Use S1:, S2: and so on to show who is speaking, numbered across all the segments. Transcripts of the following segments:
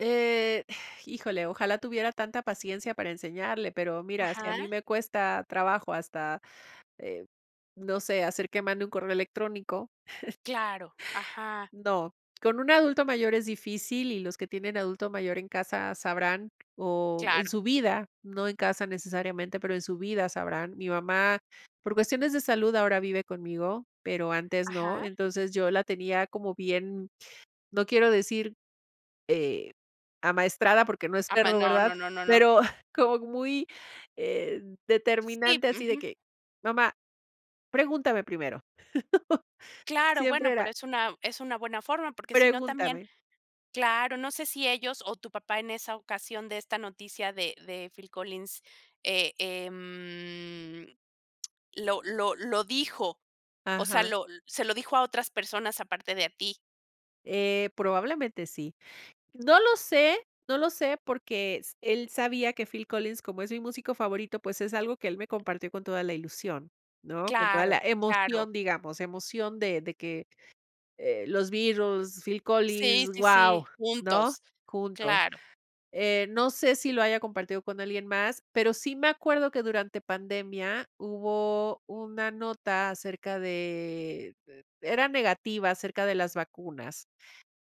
S1: Eh, híjole, ojalá tuviera tanta paciencia para enseñarle. Pero mira, si a mí
S2: Ajá.
S1: me cuesta trabajo, hasta, eh, no sé, hacer que mande un correo electrónico
S2: Claro, Ajá.
S1: no. Con un adulto mayor es difícil, y los que tienen adulto mayor en casa sabrán. O, en
S2: Claro.
S1: su vida, no en casa necesariamente, pero, en su vida sabrán. Mi mamá, por cuestiones de salud ahora vive conmigo, pero antes no. Y
S2: Ajá.
S1: entonces, yo la tenía como bien, no quiero decir, eh, amaestrada, porque, no es
S2: Ama
S1: perro,
S2: No,
S1: ¿verdad?
S2: no, no, no, no.
S1: Pero como muy, eh,
S2: Sí,
S1: determinante, así de
S2: ujú.
S1: que: "Mamá, pregúntame primero".
S2: Claro,
S1: Siempre
S2: bueno, pero,
S1: era
S2: es una es una buena forma, porque, si no también
S1: pregúntame.
S2: claro. No sé si ellos, o, tu papá en esa ocasión, de esta noticia de de Phill Collins, eh, em lo lo lo dijo. O sea,
S1: Ajá.
S2: lo se lo dijo a otras personas, aparte de a ti.
S1: Eh, probablemente sí. No lo sé, no lo sé porque s él sabía que Phill Collins, como es mi músico favorito, pues, es algo que él me compartió con toda la ilusión, ¿no? Con toda la
S2: Claro. Claro.
S1: emoción, digamos, emoción de de que, eh, los Beatles, Phill
S2: Sí,
S1: Collins,
S2: sí, sí,
S1: guau, ¿no?,
S2: juntos.
S1: juntos.
S2: Claro.
S1: Eh, no sé, si lo haya compartido con alguien más, pero sí me acuerdo que durante pandemia, hubo una nota acerca de de era negativa acerca de las vacunas,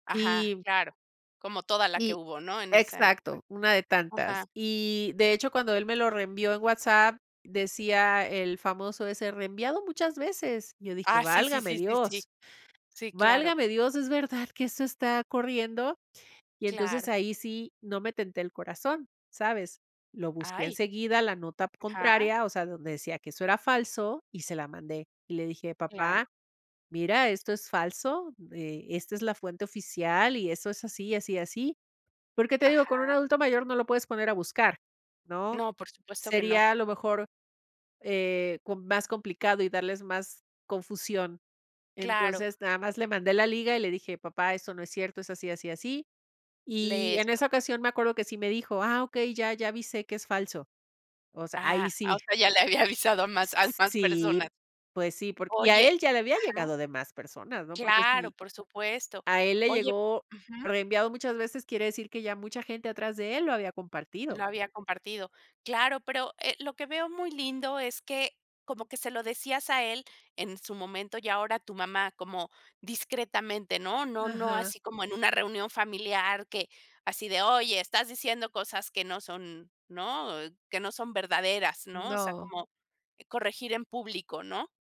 S2: Ajá,
S1: y
S2: claro. Como toda la que
S1: y
S2: hubo, ¿no?, en esa época.
S1: exacto, una de
S2: Ajá.
S1: tantas. Y, de hecho, cuando él me lo reenvió en WhatsApp, decía el famoso ese "reenviado muchas veces". Yo dije:
S2: Ah, sí, sí,
S1: "Válgame
S2: sí, sí, sí.
S1: Dios.
S2: Sí, claro.
S1: Válgame Dios. ¿Es verdad que eso está corriendo?", y entonces,
S2: Claro.
S1: ahí sí no me tenté el corazón, ¿sabes? Lo busqué
S2: ¡Ay!
S1: enseguida, la nota
S2: Ajá.
S1: contraria, o sea, donde decía que eso era falso, y se la mandé, y le dije:
S2: Claro.
S1: "Papá, mira, esto es falso. Eh, esta es la fuente oficial, y eso es, así, así y así". Porque, te digo, con un
S2: Ajá.
S1: adulto mayor, no lo puedes poner a buscar, ¿no?
S2: No, por supuesto que no.
S1: Sería a lo mejor, eh, com más complicado, y darles más confusión.
S2: Claro.
S1: Entonces, nada más le mandé la liga, y le dije: "Papá, eso no es cierto, es así, así, así". Y
S2: Lee
S1: en
S2: esto.
S1: esa ocasión, me acuerdo que sí me dijo: "Ah, okey, ya ya avisé que es falso". O sea, ahí
S2: Ah. Ah, o
S1: sí.
S2: sea, ya le había avisado a más
S1: S
S2: a
S1: s
S2: más
S1: sí.
S2: personas.
S1: Pues sí, por y a
S2: Oye
S1: él ya le había
S2: ajá.
S1: llegado de más personas, ¿no? Porque
S2: Claro,
S1: si,
S2: por supuesto.
S1: a él le
S2: Oye
S1: llegó
S2: ujú.
S1: reenviado muchas veces, quiere decir, que ya mucha gente atrás de él lo había compartido.
S2: Lo había compartido. Claro, pero, eh, lo que veo muy lindo es que, como que se lo decías a él en su momento, y ahora tu mamá, como discretamente, ¿no? No no
S1: Ajá.
S2: así como en una reunión familiar que, así de: "Oye, estás diciendo cosas que no son, ¿no?, que no son verdaderas", ¿no? O sea,
S1: No.
S2: como corregir en público, ¿no?